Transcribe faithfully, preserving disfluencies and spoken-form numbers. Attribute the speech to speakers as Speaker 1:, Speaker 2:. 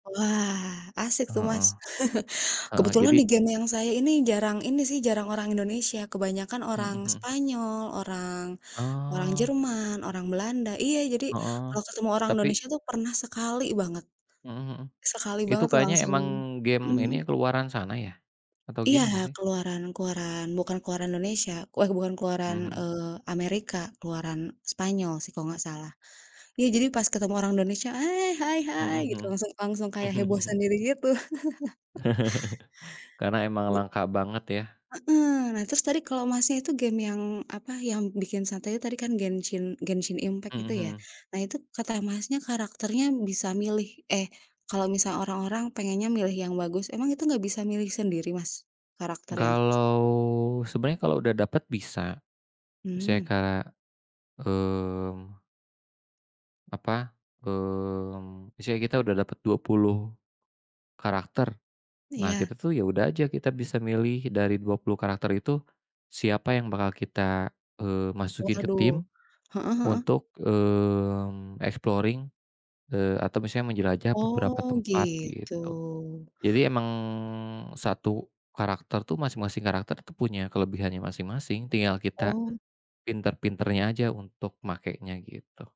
Speaker 1: Wah, asik tuh, Mas.
Speaker 2: Heeh. Heeh,
Speaker 1: Kebetulan
Speaker 2: jadi
Speaker 1: di game yang saya ini jarang ini sih, jarang orang Indonesia, kebanyakan
Speaker 2: Mhm
Speaker 1: orang
Speaker 2: mhm.
Speaker 1: Spanyol, orang orang
Speaker 2: Oh.
Speaker 1: Jerman, orang Belanda iya, jadi
Speaker 2: Heeh,
Speaker 1: kalau ketemu orang
Speaker 2: tapi
Speaker 1: Indonesia tuh, pernah sekali banget
Speaker 2: Heeh heeh,
Speaker 1: sekali
Speaker 2: itu
Speaker 1: banget tuh
Speaker 2: kayaknya
Speaker 1: langsung
Speaker 2: emang game ini ya,
Speaker 1: mhm.
Speaker 2: keluaran sana ya? Atau
Speaker 1: Iya,
Speaker 2: gimana sih?
Speaker 1: keluaran keluaran, bukan keluaran Indonesia weh bukan keluaran,
Speaker 2: Heeh heeh.
Speaker 1: eee, Amerika, keluaran Spanyol sih kalau nggak salah. Iya, jadi pas ketemu orang Indonesia, hai hai hai
Speaker 2: Heeh
Speaker 1: gitu,
Speaker 2: heeh.
Speaker 1: langsung langsung kayak heboh sendiri gitu.
Speaker 2: Karena emang
Speaker 1: Iya.
Speaker 2: langka banget, ya.
Speaker 1: Heeh, nah terus tadi kalau Masnya itu game yang, apa, yang bikin santai itu tadi kan Genshin Genshin Impact,
Speaker 2: Heeh,
Speaker 1: gitu ya.
Speaker 2: heeh.
Speaker 1: Nah itu kata Masnya karakternya bisa milih eh kalau misal orang-orang pengennya milih yang bagus, emang itu nggak bisa milih sendiri Mas, karakter yang
Speaker 2: Kalau, sebenarnya kalau udah dapet bisa, misalnya
Speaker 1: Hmm.
Speaker 2: kak mmm apa, mmm, misalnya kita udah dapet dua puluh karakter, nah
Speaker 1: Iya.
Speaker 2: kita tuh ya udah aja, kita bisa milih dari dua puluh karakter itu, siapa yang bakal kita, eee, masukin ke
Speaker 1: Waduh,
Speaker 2: tim
Speaker 1: heeh heeh.
Speaker 2: untuk, mmm, exploring, eee, atau misalnya menjelajah beberapa
Speaker 1: Oh,
Speaker 2: tempat,
Speaker 1: gitu.
Speaker 2: gitu. Jadi emang satu karakter tuh masing-masing karakter tuh punya kelebihannya masing-masing, tinggal kita
Speaker 1: Oh.
Speaker 2: pinter-pinternya aja untuk makainya, gitu.